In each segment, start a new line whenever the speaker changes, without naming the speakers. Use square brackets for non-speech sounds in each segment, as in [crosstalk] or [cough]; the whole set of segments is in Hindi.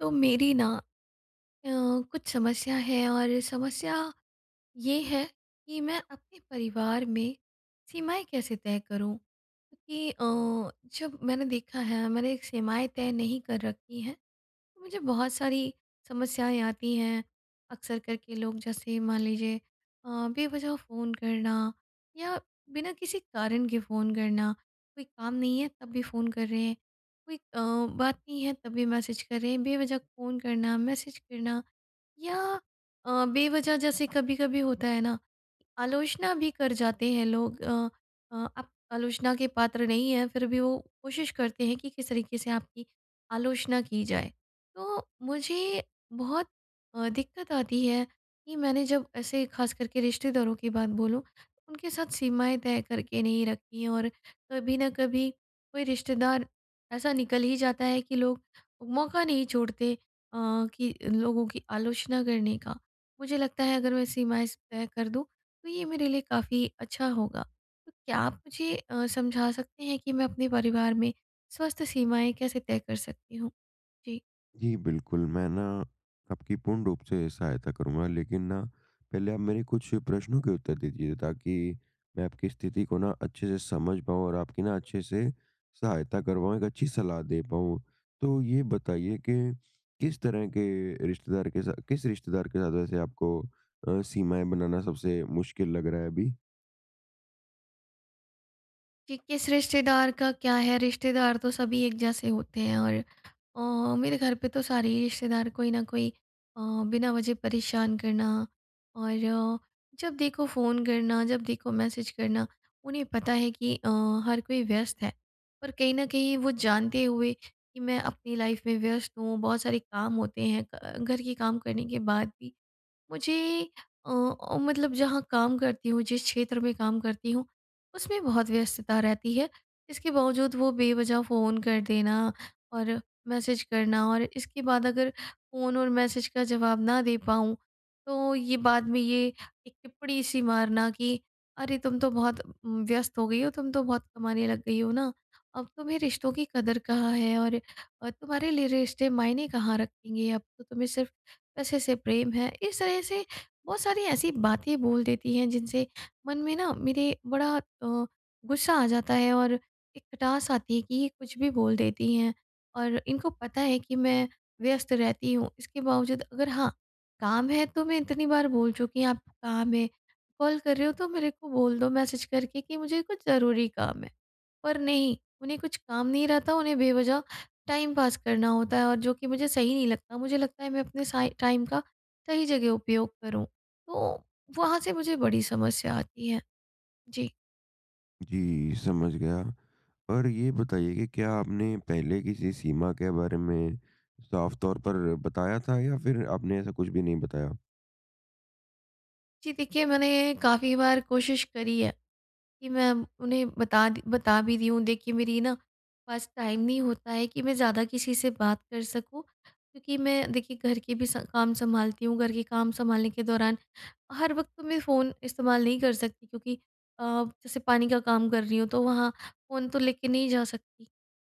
तो मेरी ना अ, कुछ समस्या है और समस्या ये है कि मैं अपने परिवार में सीमाएँ कैसे तय करूँ? क्योंकि अ, जब मैंने देखा है मैंने सीमाएँ तय नहीं कर रखी हैं तो मुझे बहुत सारी समस्याएँ आती हैं। अक्सर करके लोग जैसे मान लीजिए अ, बेवजह फ़ोन करना या बिना किसी कारण के फ़ोन करना। कोई काम नहीं है तब भी फ़ोन कर रहे हैं, कोई अ, बात नहीं है तब भी मैसेज कर रहे हैं। बेवजह फ़ोन करना, मैसेज करना या अ, बेवजह जैसे कभी-कभी होता है ना आलोचना भी कर जाते हैं लोग। अ अ आप आलोचना के पात्र नहीं हैं फिर भी वो कोशिश करते हैं कि किस तरीके से आपकी आलोचना की जाए। तो मुझे बहुत अ, दिक्कत आती है कि मैंने जब ऐसे खास करके रिश्तेदारों की बात बोलूँ उनके साथ सीमाएँ तय करके नहीं रखी हैं और कभी ना कभी कोई रिश्तेदार ऐसा निकल ही जाता है कि लोग मौका नहीं छोड़ते अ, कि लोगों की आलोचना करने का। मुझे लगता है अगर मैं सीमाएँ स तय कर दूँ तो ये मेरे लिए काफ़ी अच्छा होगा। तो क्या आप मुझे अ, समझा सकते हैं कि मैं अपने परिवार में स्वस्थ सीमाएँ कैसे तय कर सकती हूँ? जी।
जी बिल्कुल, मैं ना आपकी पूर्ण रूप से सहायता करूँगा। लेकिन ना पहले आप मेरे कुछ प्रश्नों के उत्तर दे दीजिए ताकि मैं आपकी स्थिति को ना अच्छे से समझ पाऊँ और आपकी ना अच्छे से सहायता कर पाऊँ, एक अच्छी सलाह दे पाऊँ। तो ये बताइए के, किस तरह के रिश्तेदार के सा किस रिश्तेदार के साथ वैसे आपको अ, सीमाएँ बनाना सबसे मुश्किल लग रहा है अभी?
कि किस रिश्तेदार का क्या है, रिश्तेदार तो सभी एक जैसे होते हैं और अ, मेरे घर पे तो सारे ही रिश्तेदार कोई ना कोई अ, बिना वजह परेशान करना और जब देखो फ़ोन करना, जब देखो मैसेज करना। उन्हें पता है कि अ, हर कोई व्यस्त है, पर कहीं न कहीं वो जानते हुए कि मैं अपनी लाइफ में व्यस्त हूँ, बहुत सारे काम होते हैं क घर के काम करने के बाद भी मुझे अ अ, मतलब जहाँ काम करती हूँ, जिस क्षेत्र में काम करती हूँ, उसमें बहुत व्यस्तता रहती है। इसके बावजूद वो बेवजह फ़ोन कर देना और मैसेज करना और इसके बाद अगर फ़ोन और मैसेज का जवाब ना दे पाऊँ, तो ये बाद में ये एक टिप्पणी सी मारना कि अरे! तुम तो बहुत उम, व्यस्त हो गई हो, तुम तो बहुत कमाने लग गई हो ना, अब तुम्हें रिश्तों की कदर कहाँ है और अ, तुम्हारे लिए रिश्ते मायने कहाँ रखेंगे, अब तो तुम्हें सिर्फ पैसे से प्रेम है। इस तरह से बहुत सारी ऐसी बातें बोल देती हैं जिनसे मन में ना मेरे बड़ा अ, गुस्सा आ जाता है और एक खटास आती है कि ये कुछ भी बोल देती हैं और इनको पता है कि मैं व्यस्त रहती हूँ। इसके बावजूद अगर हाँ, काम है तो मैं इतनी बार बोल चुकी हूँ आप काम है, कॉल कर रहे हो तो मेरे को बोल दो मैसेज करके कि मुझे कुछ ज़रूरी काम है। पर नहीं उन्हें कुछ काम नहीं रहता, उन्हें बेवजह टाइम पास करना होता है और जो कि मुझे सही नहीं लगता। मुझे लगता है मैं अपने साय टाइम का, सही जगह उपयोग करूँ, तो वहाँ से मुझे बड़ी समस्या आती है। जी।
जी, समझ गया और ये बताइए कि क्या आपने पहले किसी सीमा के बारे में साफ तौर पर बताया था या फिर आपने ऐसा कुछ भी नहीं बताया?
जी देखिए, मैंने काफ़ी बार कोशिश करी है कि मैं उन्हें बता दी बता भी दी हूँ दे कि मेरी ना पास टाइम नहीं होता है कि मैं ज़्यादा किसी से बात कर सकूँ, क्योंकि मैं देखिए घर के भी स काम सँभालती हूँ। घर के काम सँभालने के दौरान हर वक़्त तो मैं फ़ोन इस्तेमाल नहीं कर सकती क्योंकि अ, जैसे पानी का काम कर रही हूँ तो वहाँ फ़ोन तो लेके नहीं जा सकती।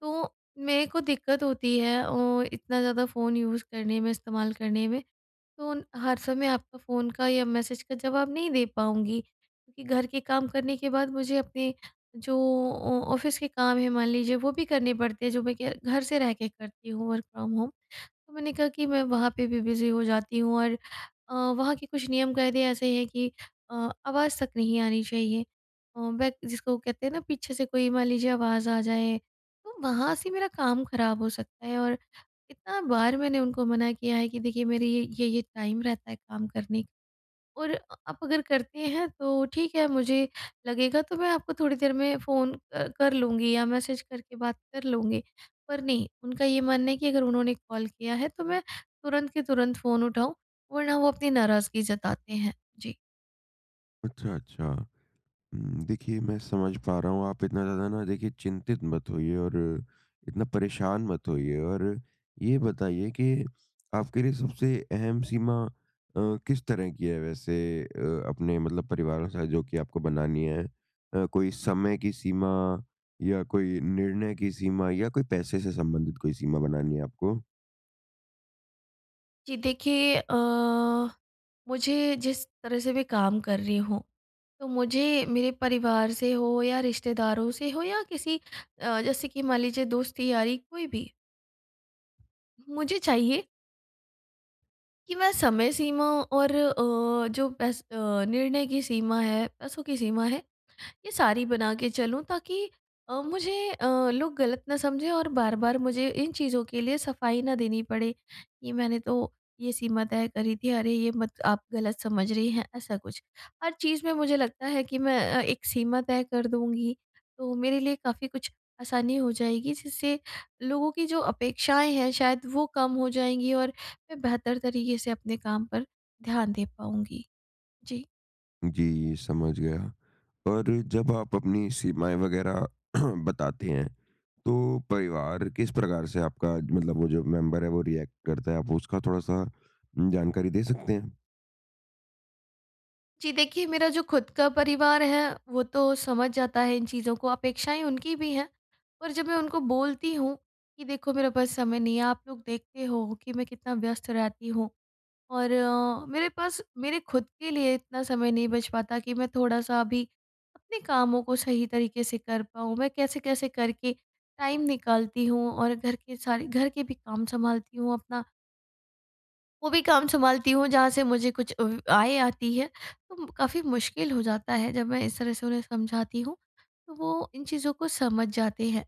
तो मेरे को दिक्कत होती है ओ इतना ज़्यादा फ़ोन यूज़ करने में, इस्तेमाल करने में। तो न हर समय आपका फ़ोन का या मैसेज का जवाब नहीं दे पाऊँगी क्योंकि घर के काम करने के बाद मुझे अपने जो ऑ ऑफिस के काम हैं मान लीजिए वो भी करने पड़ते हैं जो मैं के घर से रह के करती हूँ वर्क फ्रॉम होम तो मैंने कहा कि मैं वहाँ पे भी बिज़ी हो जाती हूँ और अ, वहाँ के कुछ नियम कायदे ऐसे हैं कि अ, आवाज़ तक नहीं आनी चाहिए। अ, वे जिसको कहते हैं ना पीछे से कोई मान लीजिए आवाज़ आ जाए, तो वहाँ से मेरा काम खराब हो सकता है और इतना बार मैंने उनको मना किया है कि देखिए मेरी ये ये-ये टाइम रहता है काम करने का और अ आप अगर करते हैं तो ठीक है मुझे लगेगा तो मैं आपको थोड़ी देर में फ़ोन अ, कर लूँगी या मैसेज करके बात कर लूँगी। पर नहीं उनका ये मानना है कि अगर उन्होंने कॉल किया है तो मैं तुरंत के तुरंत फ़ोन उठाऊँ वरना वो अपनी नाराज़गी जताते हैं, जी।
अच्छा, अच्छा। उम, देखिए मैं समझ पा रहा हूँ। आप इतना ज़्यादा ना देखिए चिंतित मत होइए और इतना परेशान मत होइए और ये बताइए के आपके लिए सबसे अहम सीमा अ, किस तरह की है वैसे अ अपने मतलब परिवार के साथ जो कि आपको बनानी है? अ, कोई समय की सीमा या कोई निर्णय की सीमा या कोई पैसे से संबंधित कोई सीमा बनानी है आपको?
जी देखिए अ, मुझे जिस तरह से भी काम कर रही हूँ, तो मुझे मेरे परिवार से हो या रिश्तेदारों से हो या किसी अ, जैसे कि मान लीजिए दोस्ती-यारी कोई भी। मुझे चाहिए कि मैं समय सीमा और अ, जो पैस अ, निर्णय की सीमा है, पैसों की सीमा है, ये सारी बनाके चलूँ ताकि अ, मुझे अ, लोग गलत ना समझें और बार-बार मुझे इन चीज़ों के लिए सफाई ना देनी पड़े, कि मैंने तो ये सीमा तय करी थी, अरे ये मत आप गलत समझ रहे हैं, ऐसा कुछ। हर चीज़ में मुझे लगता है कि मैं अ, एक सीमा तय कर दूँगी तो मेरे लिए काफ़ी कुछ आसानी हो जाएगी, जिससे लोगों की जो अपेक्षाएँ हैं शायद वो कम हो जाएँगी और मैं बेहतर तरीके से अपने काम पर ध्यान दे पाऊँगी। जी।
जी, समझ गया और जब आप अपनी सीमाएँ वगैरह [clears throat] बताते हैं तो परिवार किस प्रकार से आपका मतलब वो जो मेंबर है वो रिएक्ट करता है। आप उसका थोड़ा सा उम, जानकारी दे सकते हैं?
जी देखिए, मेरा जो खुद का परिवार है वो तो समझ जाता है इन चीज़ों को। अपेक्षाएँ उनकी भी हैं और जब मैं उनको बोलती हूँ कि देखो मेरे पास समय नहीं है, आप लोग देखते हो हो कि मैं कितना व्यस्त रहती हूँ और अ, मेरे पास मेरे खुद के लिए इतना समय नहीं बच पाता कि मैं थोड़ा-सा अभी अपने कामों को सही तरीके से कर पाऊँ। मैं कैसे-कैसे करके टाइम निकालती हूँ और घर के सारे घर के भी काम सँभालती हूँ अपना वो भी काम सँभालती हूँ जहाँ से मुझे कुछ ऊ आय आती है तो म काफ़ी मुश्किल हो जाता है, जब मैं इस तरह से उन्हें समझाती हूँ तो वो इन चीज़ों को समझ जाते हैं।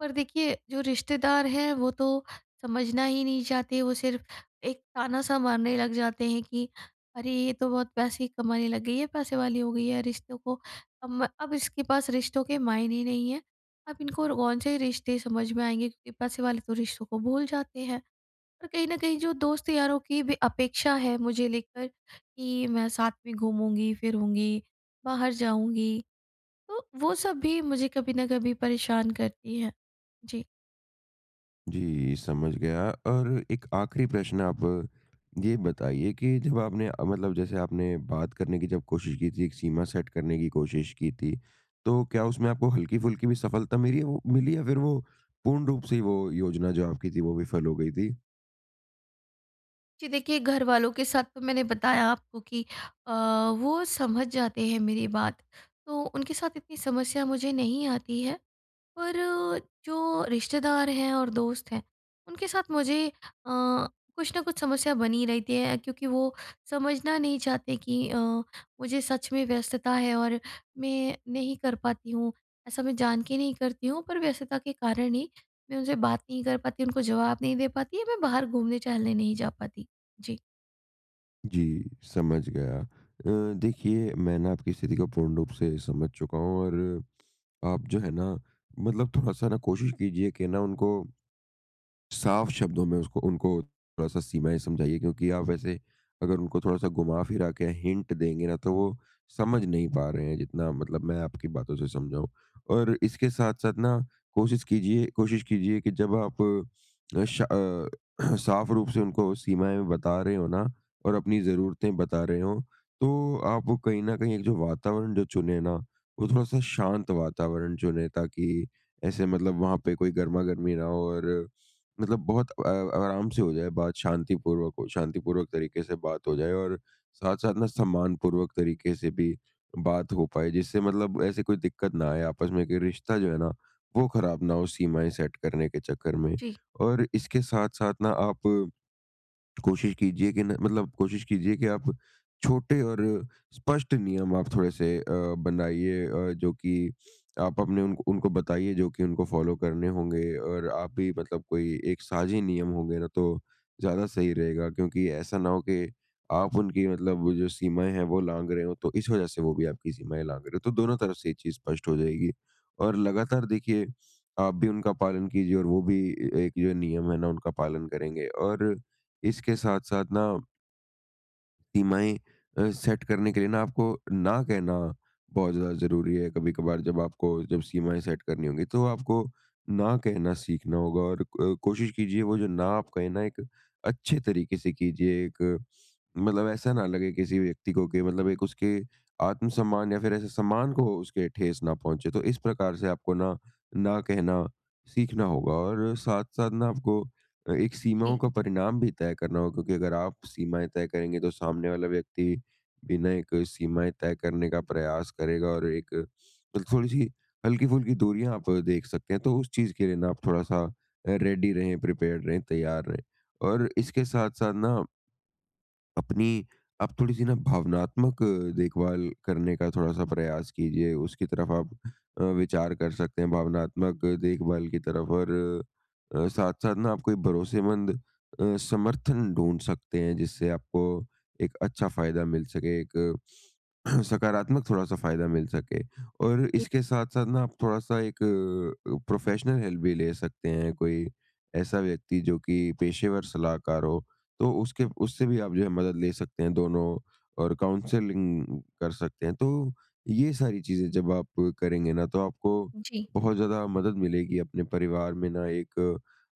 पर देखिए जो रिश्तेदार हैं, वो तो समझना ही नहीं चाहते। वो सिर्फ एक ताना-सा मारने लग जाते हैं कि अरे, ये तो बहुत पैसे कमाने लग गई है, पैसे वाली हो गई है। रिश्तों को अब म इसके पास रिश्तों के मायने ही नहीं है। अब इनको रो कौन से रिश्ते समझ में आएँगे? क्योंकि पैसे वाले तो रिश्तों को भूल जाते हैं। पर कहीं न कहीं जो दोस्त-यारों की भी अपेक्षा है मुझे लेकर कि मैं साथ में घूमूँगी, फिरूँगी, बाहर जाऊँगी तो वो सब भी मुझे कभी ना कभी परेशान करती हैं। जी।
जी समझ गया और एक आखिरी प्रश्न आप ये बताइए कि जब आपने अ, मतलब जैसे आपने बात करने की जब कोशिश की थी, एक सीमा सेट करने की कोशिश की थी। तो क्या उसमें आपको हल्की-फुल्की भी सफ़लता मिली वो मिली या फिर वो पूर्ण रूप से ही वो योजना जो आपकी थी वो विफ़ल हो गई थी?
जी देखिए, घरवालों के साथ तो मैंने बताया आपको कि अ, वो समझ जाते हैं मेरी बात तो उनके साथ इतनी समस्या मुझे नहीं आती है। पर जो रिश्तेदार हैं और दोस्त हैं उनके साथ मुझे अ, कुछ ना कुछ समस्या बनी ही रहती है क्योंकि वो समझना नहीं चाहते कि अ, मुझे सच में व्यस्तता है और मैं नहीं कर पाती हूँ। ऐसा मैं जानके नहीं करती हूँ पर व्यस्तता के कारण ही मैं उनसे बात नहीं कर पाती, उनको जवाब नहीं दे पाती या मैं बाहर घूमने-टहलने नहीं जा पाती। जी।
जी समझ गया। अ, देखिए, मैं ना आपकी स्थिति को पूर्ण रूप से समझ चुका हूँ और आप जो है ना मतलब थोड़ा-सा ना कोशिश कीजिए कि ना उनको साफ शब्दों में उसको उनको थोड़ा-सा सीमाएँ समझाइए क्योंकि आप वैसे अगर उनको थोड़ा-सा घुमा-फिरा के अ, हिंट देंगे ना तो वो समझ नहीं पा रहे हैं जितना मतलब मैं आपकी बातों से समझा हूँ। और इसके साथ-साथ ना कोशिश कीजिए कोशिश कीजिए कि जब आप अ, शा अ, [clears throat] साफ रूप से उनको वो सीमाएँ बता रहे हों ना और अपनी जरूरतें बता रहे हों, तो आपको कहीं न कहीं एक जो वातावरण जो चुनें ना वो थोड़ा-सा शांत वातावरण चुनें ताकि ऐसे मतलब वहाँ पे कोई गर्मा-गर्मी ना हो और मतलब बहुत अ, व आराम से हो जाए बात शांतिपूर्वक हो शांतिपूर्वक तरीके से बात हो जाए और साथ-साथ ना सम्मानपूर्वक तरीके से भी बात हो पाए। जिससे मतलब ऐसी कोई दिक्कत ना आए आपस में कि रिश्ता जो है ना वो खराब ना हो सीमाएँ सेट करने के चक्कर में।
जी।
और इसके साथ-साथ ना आप कोशिश कीजिए कि ना मतलब कोशिश कीजिए कि आप छोटे और स्पष्ट नियम आप थोड़े-से अ, बनाइए अ, जो कि आप अपने उनक उनको बताइए जो कि उनको फ़ॉलो करने होंगे और आप भी मतलब कोई एक साझी नियम होंगे ना तो ज़्यादा सही रहेगा क्योंकि ऐसा ना हो के आप उनकी मतलब वो जो सीमाएँ हैं वो लांघ रहे हों तो इस वजह से वो भी आपकी सीमाएँ लांघ रहे हों। तो दोनों तरफ से ये चीज स्पष्ट हो जाएगी। और लगातार देखिए आप भी उनका पालन कीजिए और वो भी ए एक जो नियम है ना उनका पालन करेंगे और इसके साथ-साथ ना सीमाएँ अ, सेट करने के लिए ना आपको ना कहना बहुत ज़्यादा ज़रूरी है। कभी-कभार जब आपको जब सीमाएँ सेट करनी होंगी तो आपको ना कहना सीखना होगा, और अ, कोशिश कीजिए वो जो ना आप कहें ना एक अच्छे तरीके से कीजिए। एक मतलब ऐसा ना लगे किसी व्यक्ति को कि मतलब एक उसके आत्मसम्मान या फिर ऐसे सम्मान को उसके ठेस ना पहुँचे। तो इस प्रकार से आपको ना, ना कहना सीखना होगा और साथ-साथ ना आपको एक सीमाओं का परिणाम भी तय करना होगा क्योंकि अगर आप सीमाएँ तय करेंगे, तो सामने वाला व्यक्ति बिना एक सीमाएँ तय करने का प्रयास करेगा और एक मतलब थोड़ी-सी हल्की-फुल्की दूरियाँ आप देख सकते हैं तो उस चीज़ के लिए ना आप थोड़ा-सा रेडी रहें, प्रिपेयर्ड रहें, तैयार रहें। और इसके साथ-साथ ना अपनी, आप थोड़ी-सी ना भावनात्मक देखभाल करने का थोड़ा-सा प्रयास कीजिए। उसकी तरफ आप अ, विचार कर सकते हैं भावनात्मक देखभाल की तरफ और अ, साथ-साथ ना आप कोई भरोसेमंद अ, समर्थन ढूँढ सकते हैं जिससे आपको एक अच्छा फ़ायदा मिल सके, एक [clears throat] सकारात्मक थोड़ा-सा फ़ायदा मिल सके। और
जी।
इसके साथ-साथ ना आप थोड़ा-सा एक प्रोफेशनल हेल्प भी ले सकते हैं। कोई ऐसा व्यक्ति जो कि पेशेवर सलाहकार हो तो उसके उससे भी आप जो है मदद ले सकते हैं दोनों और काउंसलिंग कर सकते हैं। तो ये सारी चीज़ें जब आप करेंगे ना, तो आपको
जी।
बहुत ज़्यादा मदद मिलेगी अपने परिवार में ना एक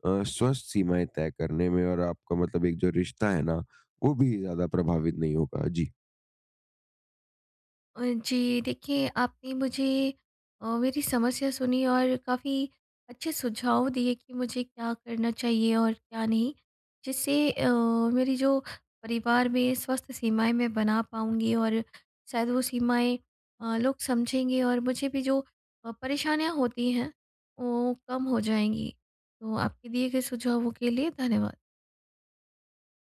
अ, स्वस्थ सीमाएँ तय करने में और आपका मतलब एक जो रिश्ता है ना वो भी ज़्यादा प्रभावित नहीं होगा। जी।
अ, जी देखिए आपने मुझे अ, मेरी समस्या सुनी और काफ़ी अच्छे सुझाव दिए कि मुझे क्या करना चाहिए और क्या नहीं। जिससे अ, मेरी जो परिवार में स्वस्थ सीमाएँ मैं बना पाऊँगी और शायद वो सीमाएँ अ, लोग समझेंगे और मुझे भी जो अ, परेशानियाँ होती हैं वो कम हो जाएँगी। तो आपके दिए गए सुझावों के लिए धन्यवाद।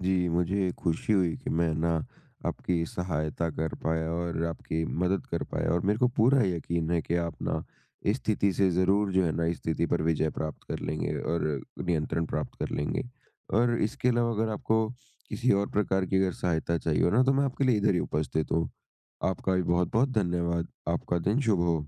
जी, मुझे खुशी हुई कि मैं ना, आपकी सहायता कर पाया और आपकी मदद कर पाया और मेरे को पूरा यकीन है कि, आप ना इस स्थिति से ज़रूर जो है ना, इस स्थिति पर विजय प्राप्त कर लेंगे और नियंत्रण प्राप्त कर लेंगे। और इसके अलावा अगर आपको किसी और प्रकार की अगर सहायता चाहिए हो ना, तो मैं आपके लिए इधर ही उपस्थित हूँ। आपका भी बहुत-बहुत धन्यवाद। आपका दिन शुभ हो।